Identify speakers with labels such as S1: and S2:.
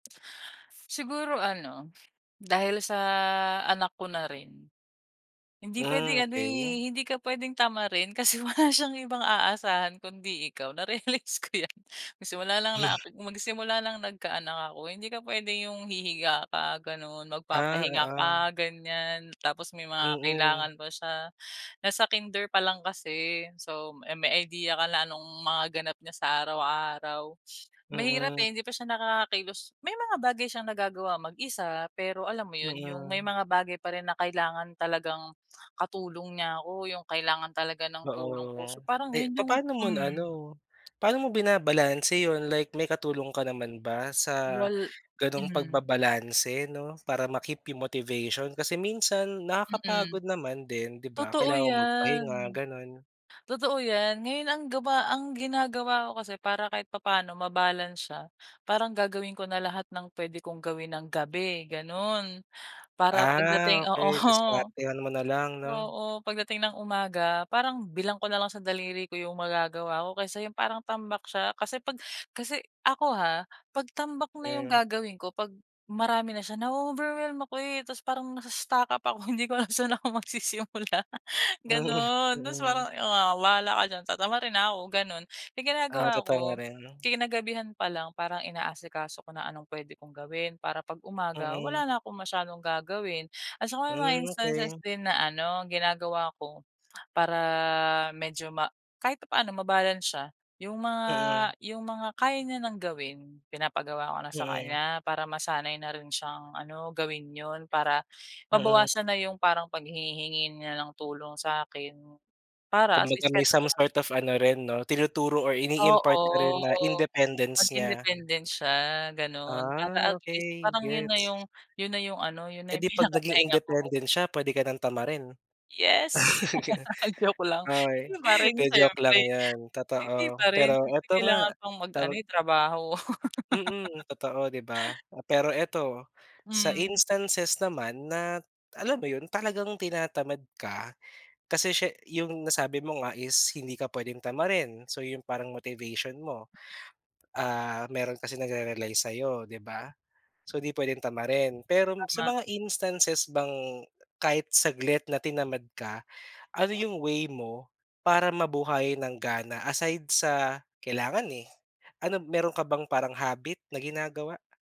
S1: Siguro ano, dahil sa anak ko na rin. Hindi
S2: Hmm,
S1: puwedeng ano,
S2: okey.
S1: eh, hindi ka pwedeng tamarin kasi wala siyang ibang aasahan kundi ikaw, narealize ko yan. Nung simula lang nak magsimula nang nagka-anak ako. Hindi ka puwede yung hihiga ka gano'n,
S2: Ah,
S1: magpapahinga
S2: oo.
S1: ka ganyan, tapos may mga
S2: Mm.
S1: kailangan pa siya. Nasa kinder pa lang kasi. So, eh, may idea ka na nung mga ganap niya sa araw-araw. Mahirap, eh,
S2: Mm.
S1: hindi pa siya nakakakilos may mga bagay siyang nagagawa mag-isa, pero alam mo yon, yung may
S2: Mm.
S1: mga bagay pa rin na kailangan talagang katulong niya ako, yung kailangan talaga ng tulong
S2: Oo.
S1: ko. So, parang
S2: Eh,
S1: yon yung
S2: papaano mo
S1: Hmm.
S2: naano, paano mo binabalanse yon? Like, may katulong ka naman ba sa
S1: Wal
S2: ganong
S1: hmm.
S2: pagbabalanse, 'no, para ma-keep yung motivation kasi minsan
S1: Mm,
S2: nakakapagod naman din, di ba?
S1: totoo
S2: Kailangan magpahinga,
S1: yan.
S2: gano'n.
S1: Totoo yan. Ngayon ang gawa ang ginagawa ko kasi para kahit papaano mabalance siya, parang gagawin ko na lahat ng puwede kong gawin ng gabi, ganon. Para
S2: Ah
S1: pagdating o
S2: okey,
S1: oo.
S2: diskartehan mo na lang, 'no?
S1: Oo, pagdating ng umaga, parang bilang ko nalang sa daliri ko yung magagawa ko, kaysa yung parang tambak siya. Kasi 'pag kasi ako, ha, 'pag tambak na yung
S2: Hmm.
S1: gagawin ko, 'pag marami na siya, na-o-overwhelm ako, eh, tapos parang nasa stuck-up ako, hindi ko alam kung saan ako magsisimula, ganon. Tapos
S2: Mm.
S1: parang, ah bahala ka diyan, tatamarin na ako, gano'n. Kaya yung
S2: Ah,
S1: ginagawa ko,
S2: tatamarin.
S1: kinagabihan pa lang parang inaasikaso ko na anong pwede kong gawin para 'pag umaga
S2: Mm.
S1: wala na akong masyadong gagawin. At saka may mga
S2: Hmm,
S1: instances
S2: okey.
S1: din na ano, ginagawa ko para medyo ma kahit papaano mabalance siya. Yung mga
S2: Mm.
S1: yung mga kaya niya ng gawin, pinapagawa ko na sa
S2: Mm.
S1: kanya para masanay na rin siyang ano, gawin yon. Para
S2: Mm.
S1: mabawasan na yung parang paghingi-hingi niya ng tulong sa'kin para at least
S2: Kumbaga
S1: kahit
S2: may some
S1: papaano
S2: sort of ano rin 'no, tinuturo or
S1: oo,
S2: ini-impart ka rin na independence
S1: maging
S2: niya.
S1: independent siya, gano'n. Para
S2: Ah,
S1: at least,
S2: okey.
S1: parang yon na
S2: Gets!
S1: yung yon na yung ano, yon
S2: Eh,
S1: na yung
S2: di 'pag naging
S1: pinakapahinga ko.
S2: independent siya, pwede ka ng tamarin?
S1: Yes! joke lang.
S2: Uy,
S1: Hindi pa rin
S2: 'di joke lang
S1: siyempre
S2: 'yon.
S1: hindi
S2: Totoo,
S1: pa rin
S2: pero
S1: siyempre
S2: ito nga,
S1: kailangan pang mag ano,
S2: tawag
S1: eh, trabaho.
S2: Mm. Totoo, di ba? Pero ito, sa
S1: Hmm.
S2: instances naman na alam mo 'yon, talagang tinatamad ka kasi siya yung nasabi mo nga is hindi ka puwedeng tamarin so, yon yung parang motivation mo, ah, meron kasi nagre-rely sayo, di ba? So, di puwedeng tamarin. Pero sa
S1: Tama.
S2: mga instances bang kahit saglit na tinamad ka, ano yung way mo para mabuhayan ng gana aside sa kailangan, eh. Ano meron ka bang parang habit na ginagawa?